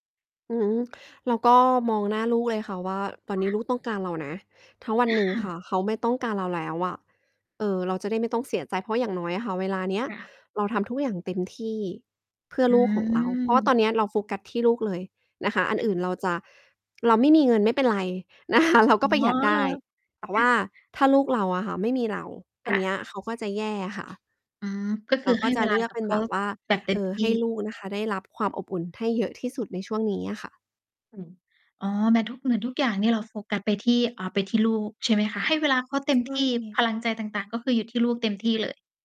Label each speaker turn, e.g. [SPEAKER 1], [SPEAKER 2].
[SPEAKER 1] อืม เราก็มองหน้าลูกเลยค่ะว่า ตอน
[SPEAKER 2] ค
[SPEAKER 1] น
[SPEAKER 2] ่
[SPEAKER 1] ี้
[SPEAKER 2] ะ
[SPEAKER 1] ลูกต้องการเรานะ ทั้งวัน
[SPEAKER 2] อ
[SPEAKER 1] หนึ่งค
[SPEAKER 2] า
[SPEAKER 1] ่ะ เขาไม่ต้องการเราแล้วอะ เออ เราจะได้ไม่ต้องเสียใจ เพราะอย่างน้อยอะค่ะ เวลาเนี้ย
[SPEAKER 2] ค่ะ
[SPEAKER 1] เราทำทุกอย่างเต็มที่เพื่อ
[SPEAKER 2] อ
[SPEAKER 1] ลูกของเรา เพราะว่าต
[SPEAKER 2] ืม
[SPEAKER 1] อนเนี้ยเราโฟกัสที่ลูกเลยนะคะ อัน
[SPEAKER 2] ค่ะ
[SPEAKER 1] อื่นเราจะ เราไม่มีเงินไม่เป็นไรนะคะ เรา
[SPEAKER 2] อ
[SPEAKER 1] ก
[SPEAKER 2] ๋
[SPEAKER 1] ็ประหยัดได้ แต่ว
[SPEAKER 2] อ
[SPEAKER 1] ่าถ้าลูกเราอะค่ะ ไม่มีเรา อ
[SPEAKER 2] ค
[SPEAKER 1] ัน
[SPEAKER 2] ่
[SPEAKER 1] เน
[SPEAKER 2] ะ
[SPEAKER 1] ี้ยเขาก็จะแย่อะค่ะ
[SPEAKER 2] อืม ก็ค
[SPEAKER 1] เร
[SPEAKER 2] ื
[SPEAKER 1] า
[SPEAKER 2] อ ใ
[SPEAKER 1] ก
[SPEAKER 2] ห
[SPEAKER 1] ็
[SPEAKER 2] ้
[SPEAKER 1] จะ
[SPEAKER 2] เวล
[SPEAKER 1] เ
[SPEAKER 2] า
[SPEAKER 1] ลือ
[SPEAKER 2] ก
[SPEAKER 1] ก
[SPEAKER 2] ั
[SPEAKER 1] เป
[SPEAKER 2] บ
[SPEAKER 1] ็
[SPEAKER 2] เ
[SPEAKER 1] น
[SPEAKER 2] ข
[SPEAKER 1] แบ
[SPEAKER 2] า
[SPEAKER 1] บว่า
[SPEAKER 2] แบบเต็
[SPEAKER 1] เอ
[SPEAKER 2] ม
[SPEAKER 1] ่อ
[SPEAKER 2] ที
[SPEAKER 1] ให
[SPEAKER 2] ่
[SPEAKER 1] ้ลูกนะคะ ได้รับความอบอุ่นให้เยอะที่สุดในช่วงนี้อะค่ะ
[SPEAKER 2] อืม อ๋อ เหมือนทุก เหมือนทุกอย่างเนี่ยเราโฟกัสไปที่ อา ไปที่ลูก ใช่ไหมคะ? ให้เวลาเขาเต็ม
[SPEAKER 1] ว
[SPEAKER 2] ท
[SPEAKER 1] ่า
[SPEAKER 2] ี่
[SPEAKER 1] ไง
[SPEAKER 2] พลังใจต่าง ๆ ก็คืออยู่ที่ลูกเต็มที่เลย